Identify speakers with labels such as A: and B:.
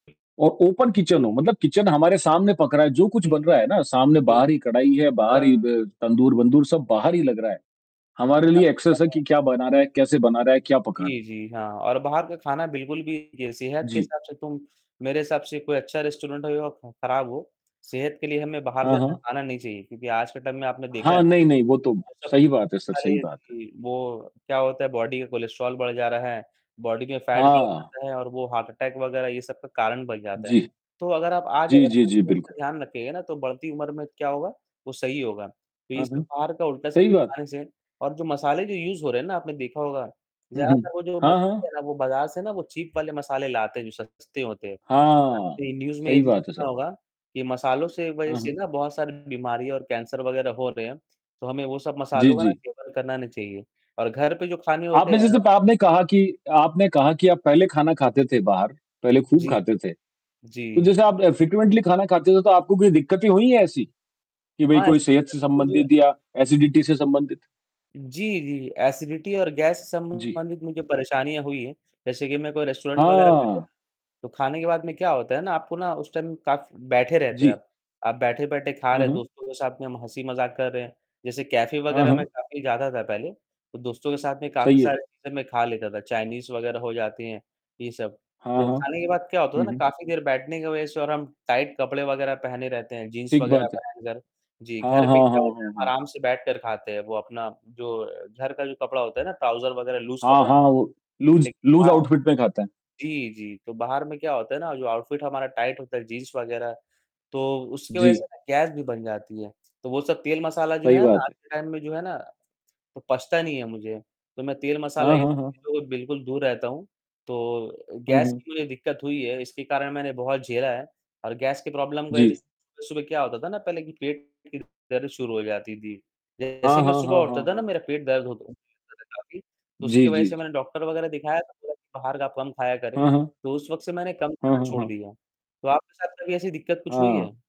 A: औ open kitchen हो, मतलब किचन हमारे सामने पक रहा है, जो कुछ बन रहा है ना सामने बाहर ही कढ़ाई है, बाहर ही
B: [unintelligible]
A: ब तंदूर-वंदूर सब बाहर ही लग रहा है। हमारे लिए
B: काफ़ी
A: एक्सेस है
B: सारे
A: कि क्या बना रहा है, कैसे बना रहा है, क्या पका रहा है?
B: जी, जी, हाँ और बाहर का खाना बिल्कुल भी ये सेहत के
A: जी।
B: हिसाब से तुम मेरे हिसाब से कोई अच्छा रेस्टोरेंट होए या खराब हो, सेहत के लिए हमें बाहर
A: हाँ,
B: ज़्यादा
A: हाँ।
B: खाना नहीं चाहिए। क्योंकि आज के टाइम में आपने देखा है,
A: हाँ। नहीं, नहीं, वो तो
B: वो सब
A: सही बात है, सर, सही
B: मसाले
A: बात है।
B: जी। वो क्या होता है बॉडी का कोलेस्ट्रॉल बढ़ जा रहा है, बॉडी में फैट बढ़
A: हाँ।
B: जाता है और वो हार्ट अटैक वगैरह ये सब का कारण बन जाता है।
A: जी।
B: तो अगर आप आज
A: जी,
B: अगर
A: जी,
B: अपने
A: जी,
B: सेहत का
A: बिल्कुल।
B: ध्यान रखेंगे ना तो बढ़ती उम्र में क्या होगा? वो सही होगा। तो ये
A: हाँ,
B: सब
A: हाँ।
B: बाहर का उल्टा
A: सही
B: सीधा
A: बात।
B: खाना से और जो मसाले जो यूज़ हो रहे हैं ना आपने देखा होगा,
A: हुँ, हुँ।
B: ज़्यादातर वो जो
A: हाँ,
B: मसाले
A: हाँ।
B: है ना वो बाजार से ना वो चीप वाले मसाले लाते हैं, जो सस्ते होते हैं और
A: हाँ,
B: आपने न्यूज़ में ये
A: सही
B: चीज़
A: बात है
B: सुना
A: सर।
B: होगा, कि मसालों से वजह
A: हाँ,
B: से
A: हाँ।
B: ना बहुत सारी बीमारियाँ और कैंसर वगैरह हो रहे हैं, तो हमें वो सब
A: जी,
B: मसालों का ना
A: जी।
B: सेवन करना नहीं चाहिए और घर पे जो खाने होते
A: आपने
B: हैं ना
A: जैसे प आपने कहा कि आपने कहा कि आप पहले खाना खाते थे बाहर, पहले खूब
B: जी,
A: खाते थे,
B: जी।
A: तो जैसे आप अ, फ्रेक्वेंटली खाना खाते थे तो आपको कोई दिक्कतें हुई हैं ऐसी? कि भाई
B: हाँ,
A: कोई
B: ऐसी
A: सेहत
B: दिक्कत
A: से
B: मुझे
A: संबंधित या
B: हुँ।
A: एसिडिटी से संबंधित?
B: जी, जी एसिडिटी और गैस से
A: जी।
B: संबंधित मुझे परेशानियाँ हुई हैं, जैसे कि मैं कोई रेस्टोरेंट वगैरह में गया,
A: हाँ।
B: तो खाने के बाद में क्या होता है ना आपको ना उस टाइम काफ़ बैठे रहते हो
A: जी।
B: आप, आप बैठे-बैठे खा
A: हुँ,
B: रहे हैं,
A: हुँ।
B: दोस्तों के साथ में हम हँसी-मज़ाक कर रहे हैं, जैसे कैफ़े
A: हाँ,
B: वगैरह में
A: हाँ।
B: काफ़ी जाता था पहले तो दोस्तों के साथ में काफ़ी
A: सही है।
B: सारे चीज़ें मैं खा लेता था, चाइनीज़ वगैरह हो जाती हैं ये सब।
A: हाँ,
B: तो
A: हाँ।
B: खाने के बाद क्या होता था
A: हुँ,
B: ना
A: हुँ।
B: काफ़ी देर बैठने की वजह से और हम टाइट कपड़े वगैरह पहने रहते हैं, जीन्स
A: ठीक
B: वगैरह
A: बात है।
B: पहनकर। जी,
A: हाँ,
B: घर पे
A: हाँ,
B: क्या
A: हाँ,
B: होता है
A: हाँ।
B: आराम से बैठकर खाते हैं, वो अपना जो घर का जो कपड़ा होता है ना ट्रॉउज़र वगैरह लूज़
A: हाँ,
B: कपड़ा।
A: हाँ, वो लूज़
B: लेकिन
A: लूज़
B: बाहर
A: ऑउटफिट में खाते हैं।
B: जी, जी, तो बाहर में क्या होता है ना जो ऑउटफिट हमारा टाइट होता है, जीन्स वगैरह तो उसकी वजह से
A: जी।
B: ना गैस भी बन जाती है। तो वो सब तेल मसाला जो
A: सही
B: है ना
A: बात
B: आज
A: है।
B: के टाइम में जो है ना, वो पचता नहीं है मुझे, तो मैं तेल मसाला
A: हाँ,
B: ये
A: हाँ,
B: सब
A: हाँ।
B: चीज़ों से बिल्कुल दूर रहता हूँ। तो अ,
A: हुँ,
B: गैस
A: हुँ।
B: की मुझे दिक्कत हुई है इसके कारण मैंने बहुत झेला है और गैस के प्रॉब्लम की वजह से
A: जी।
B: सुबह-सुबह क्या होता था ना पहले कि पेट खिड़ दर्द शुरू हो जाती थी।
A: हाँ,
B: जैसे ही मैं
A: हाँ,
B: सुबह
A: हाँ, हाँ,
B: उठता था ना
A: हाँ।
B: मेरा पेट दर्द होता था मेरा काफ़ी, तो उसकी
A: जी,
B: वजह
A: जी,
B: से
A: जी।
B: मैंने डॉक्टर वगैरह दिखाया, तो बोला बाहर का कम खाया करें।
A: हुँ, हुँ।
B: तो उस वक़्त से मैंने कम
A: हुँ,
B: खाना
A: हुँ,
B: छोड़
A: हुँ।
B: दिया, तो आपके साथ कभी ऐसी दिक्कत कुछ हुई है?
A: हाँ।